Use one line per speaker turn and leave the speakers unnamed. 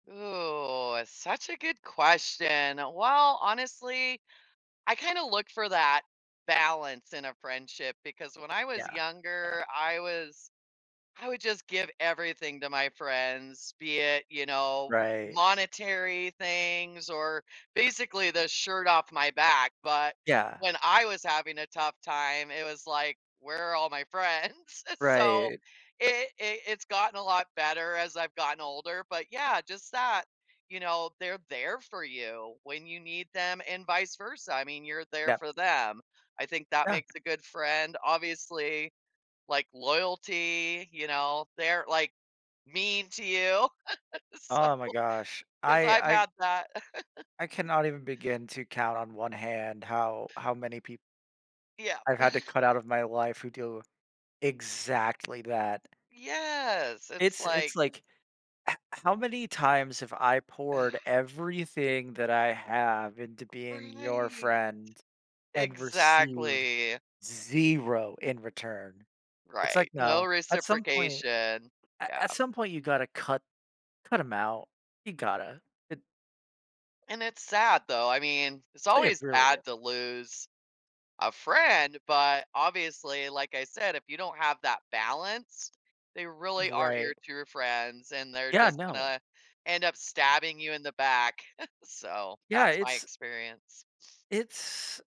Ooh, such a good question. Well, honestly, I kinda look for that balance in a friendship because when I was
Yeah, yeah.
younger, I was I would just give everything to my friends, be it, you know,
Right.
monetary things or basically the shirt off my back, but
Yeah.
when I was having a tough time, it was like, "Where are all my friends?" So,
Right.
it it it's gotten a lot better as I've gotten older, but yeah, just that, you know, they're there for you when you need them and vice versa. I mean, you're there
Yep.
for them. I think that
Yeah.
makes a good friend. Obviously, like, loyalty, you know, they're, like, mean to you. So
Oh, my gosh.
'cause
I
I've
I
had that.
I cannot even begin to count on 1 hand how how many pe
Yeah.
I had to cut out of my life who do exactly that.
Yes, it's
It's
like
it's, like, "H how many times have I poured everything that I have into being your
Right.
friend and received
Exactly.
0 in return." It's like,
Right, no
no, at some point
reciprocation.
a
Yeah.
at some point, you gotta cut cut 'em out. You gotta. It
And it's sad, though. I mean, it's
It
always
really
sad
is.
to lose a friend, but, obviously, like I said, if you don't have that balance, they really aren't your
Right.
true friends, and they're
Yeah,
just
no.
gonna end up stabbing you in the back. So,
Yeah,
that's my
it's
experience.
It's